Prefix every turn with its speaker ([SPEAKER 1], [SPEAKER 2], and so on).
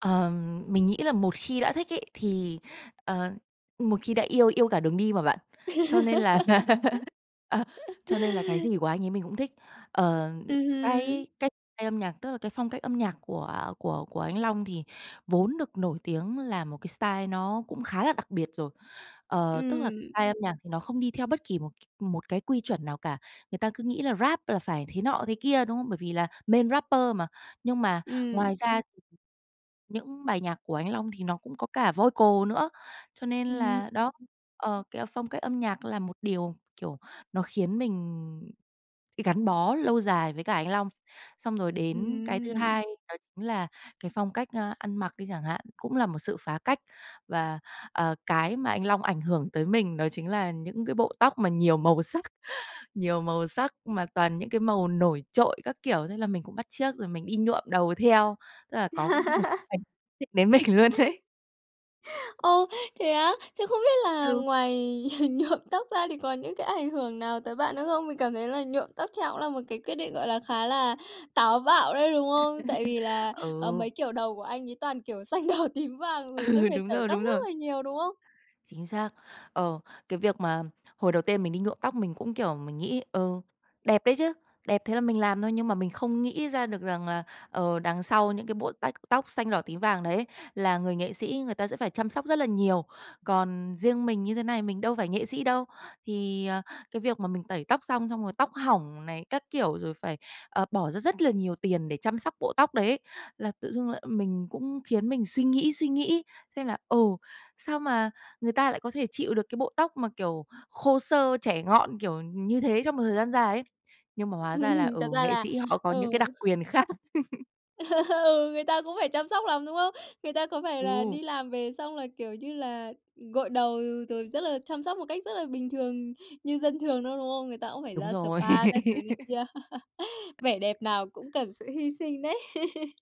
[SPEAKER 1] Ờ, mình nghĩ là một khi đã thích ấy, thì ờ, một khi đã yêu, yêu cả đường đi mà bạn. Cho nên là à, cho nên là cái gì của anh ấy mình cũng thích. Ờ,
[SPEAKER 2] Ừm
[SPEAKER 1] s cái
[SPEAKER 2] hừm.
[SPEAKER 1] cái style âm nhạc, tức là cái phong cách âm nhạc của của của anh Long thì vốn được nổi tiếng là một cái style nó cũng khá là đặc biệt rồi. Ờ, tức là
[SPEAKER 2] Ừm.
[SPEAKER 1] style âm nhạc thì nó không đi theo bất kỳ một c một cái quy chuẩn nào cả. Người ta cứ nghĩ là Rap là phải thế nọ thế kia, đúng không? Bởi vì là main rapper mà. Nhưng mà,
[SPEAKER 2] Ừm.
[SPEAKER 1] ngoài ra thì những bài nhạc của anh Long thì nó cũng có cả vocal nữa. Cho nên
[SPEAKER 2] Ừm.
[SPEAKER 1] là đó, ờ, cái, ờ, phong cách âm nhạc là một điều kiểu, nó khiến mình gắn bó lâu dài với cả anh Long. Xong rồi đến cái thứ
[SPEAKER 2] Ừm.
[SPEAKER 1] hai đó chính là cái phong cách, a, ăn mặc đi chẳng hạn, cũng là một sự phá cách. Và, ờ, cái mà anh Long ảnh hưởng tới mình đó chính là những cái bộ tóc mà nhiều màu sắc nhiều màu sắc mà toàn những cái màu nổi trội các kiểu, thế là mình cũng bắt chước rồi mình đi nhuộm đầu theo. Tức là có một x ảnh định đến mình luôn đấy.
[SPEAKER 2] Ô, thế á? Thế không biết là
[SPEAKER 1] Ừ.
[SPEAKER 2] ngoài nhuộm tóc ra thì có những cái ảnh hưởng nào tới bạn nữa không? Mình cảm thấy là nhuộm tóc theo cũng là một cái quyết định, gọi là, khá là táo bạo đấy, đúng không? Tại vì là, ờ, mấy
[SPEAKER 1] Ừ.
[SPEAKER 2] kiểu đầu của anh ấy toàn kiểu xanh, đỏ, tím, vàng rồi sẽ
[SPEAKER 1] Ừ,
[SPEAKER 2] phải
[SPEAKER 1] đúng
[SPEAKER 2] tẩy
[SPEAKER 1] rồi,
[SPEAKER 2] tóc
[SPEAKER 1] đúng rồi.
[SPEAKER 2] rất là nhiều, đúng không?
[SPEAKER 1] Chính xác. Ờ, cái việc mà hồi đầu tiên mình đi nhuộm tóc mình cũng kiểu mình nghĩ, ừ, đẹp đấy chứ. Đẹp, thế là mình làm thôi nhưng mà mình không nghĩ ra được rằng là, ờ, đằng sau những cái bộ tách tóc xanh, đỏ, tím, vàng đấy là người nghệ sĩ người ta sẽ phải chăm sóc rất là nhiều. Còn riêng mình như thế này mình đâu phải nghệ sĩ đâu, thì, ờ, cái việc mà mình tẩy tóc xong, xong rồi tóc hỏng này các kiểu, rồi phải, ờ, bỏ ra rất là nhiều tiền để chăm sóc bộ tóc đấy ấy, là tự dưng lại mình cũng khiến mình suy nghĩ suy nghĩ xem là, ừ, sao mà người ta lại có thể chịu được cái bộ tóc mà, kiểu, khô xơ, chẻ ngọn kiểu như thế trong một thời gian dài ấy. Nhưng mà hóa ra là,
[SPEAKER 2] Ừm,
[SPEAKER 1] ừ,
[SPEAKER 2] thật ra
[SPEAKER 1] nghệ
[SPEAKER 2] là
[SPEAKER 1] sĩ họ có những cái đặc
[SPEAKER 2] ừ.
[SPEAKER 1] quyền khác.
[SPEAKER 2] Ừ, người ta cũng phải chăm sóc lắm, đúng không? Người ta có phải là
[SPEAKER 1] Ừ.
[SPEAKER 2] đi làm về xong là, kiểu như là, gội đầu rồi rất là chăm sóc một cách rất là bình thường như dân thường đâu, đúng không? Người ta cũng phải
[SPEAKER 1] Đúng
[SPEAKER 2] ra sờ
[SPEAKER 1] rồi.
[SPEAKER 2] ba các thứ này kia. Vẻ đẹp nào cũng cần sự hy sinh đấy.